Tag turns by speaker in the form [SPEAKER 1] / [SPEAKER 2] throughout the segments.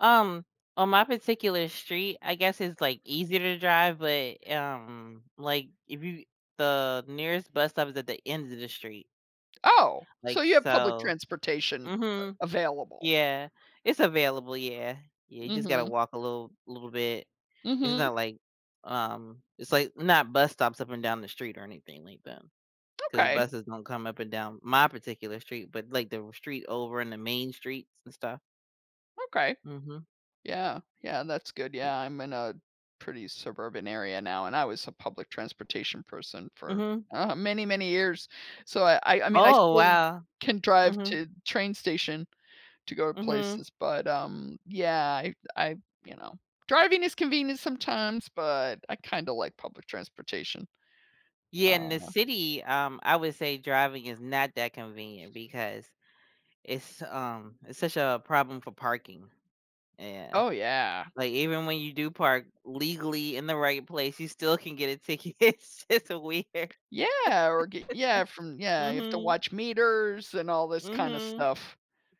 [SPEAKER 1] Um, on my particular street, I guess it's, like, easier to drive, but, um, like if you the nearest bus stop is at the end of the street.
[SPEAKER 2] Oh, so
[SPEAKER 1] Like,
[SPEAKER 2] you have public
[SPEAKER 1] so
[SPEAKER 2] transportation
[SPEAKER 1] mhm.
[SPEAKER 2] a available?
[SPEAKER 1] Yeah. It's available, yeah. Yeah, you just gotta
[SPEAKER 2] Mhm.
[SPEAKER 1] walk a little a little bit. It's
[SPEAKER 2] Mhm.
[SPEAKER 1] not like, um, it's like not bus stops up and down the street or anything like that. 'Cause
[SPEAKER 2] Okay.
[SPEAKER 1] buses don't come up and down my particular street, but like the r street over in the main streets and stuff.
[SPEAKER 2] Okay.
[SPEAKER 1] Mhm.
[SPEAKER 2] Yeah, yeah, that's good yeah, I'm in a pretty suburban area now and I was a public transportation person for,
[SPEAKER 1] Mhm.
[SPEAKER 2] uh, many, many years. So I I I mean, I
[SPEAKER 1] Oh,
[SPEAKER 2] still
[SPEAKER 1] wow.
[SPEAKER 2] can drive
[SPEAKER 1] Mhm.
[SPEAKER 2] to the train station to go to
[SPEAKER 1] Mhm.
[SPEAKER 2] places, but, um, yeah, I I, you know, driving is convenient sometimes, but I kinda like public transportation.
[SPEAKER 1] Yeah, in the
[SPEAKER 2] Uh
[SPEAKER 1] city, um, I would say driving is not that convenient because it's, um, it's such a problem for parking. E yeah.
[SPEAKER 2] Oh, yeah.
[SPEAKER 1] Like, even when you do park legally in the right place, you still can get a ticket. It's it's weird.
[SPEAKER 2] Yeah, or, g yeah, from, yeah, you have to
[SPEAKER 1] Mhm.
[SPEAKER 2] watch meters and all this kinda
[SPEAKER 1] Mhm.
[SPEAKER 2] stuff.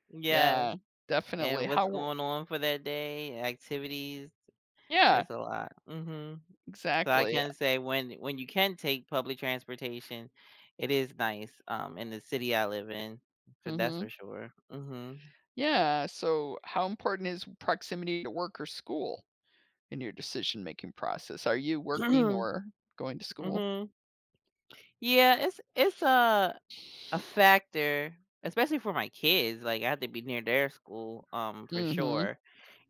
[SPEAKER 1] Yes.
[SPEAKER 2] Yeah, definitely.
[SPEAKER 1] And
[SPEAKER 2] How
[SPEAKER 1] what's
[SPEAKER 2] w
[SPEAKER 1] going on for that day, activities.
[SPEAKER 2] Yeah.
[SPEAKER 1] It's a lot. Mhm. So I
[SPEAKER 2] Exactly, uh
[SPEAKER 1] can say when when you can take public transportation, it is nice, um, in the city I live in. So that's
[SPEAKER 2] Mhm.
[SPEAKER 1] for sure. Mhm.
[SPEAKER 2] Yeah, so how important is proximity to work or school in your decision-making process? Are you working or going to school?
[SPEAKER 1] Mhm. Yeah, it's it's a a factor, especially for my kids, like, I have to be near their school, um, for
[SPEAKER 2] Mhm.
[SPEAKER 1] sure.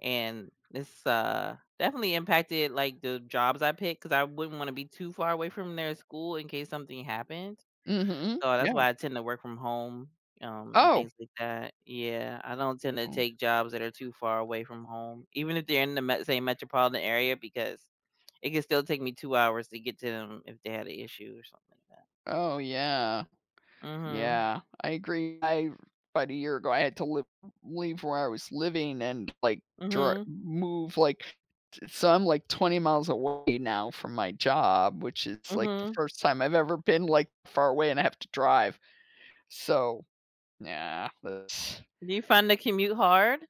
[SPEAKER 1] And, it's, uh, definitely impacted, like, the jobs I picked 'cause I wouldn't want to be too far away from their school in case something happened.
[SPEAKER 2] Mhm,
[SPEAKER 1] So, that's
[SPEAKER 2] yeah.
[SPEAKER 1] why I tend to work from home, um, and
[SPEAKER 2] Oh.
[SPEAKER 1] things like that. Yeah, I don't tend to
[SPEAKER 2] Oh.
[SPEAKER 1] take jobs that are too far away from home, even if they're in the m same metropolitan area because it could still take me 2 hours to get to them if they had an issue or something like that.
[SPEAKER 2] Oh yeah.
[SPEAKER 1] Mhm.
[SPEAKER 2] Yeah, I agree. I about a year ago, I had to live leave where I was living and, like, tr m
[SPEAKER 1] Mhm.
[SPEAKER 2] move like, ts so I'm like 20 miles away now from my job, which is like the
[SPEAKER 1] Mhm.
[SPEAKER 2] first time I've ever been like far away and I have to drive. So, yeah, that's
[SPEAKER 1] Do you find the commute hard?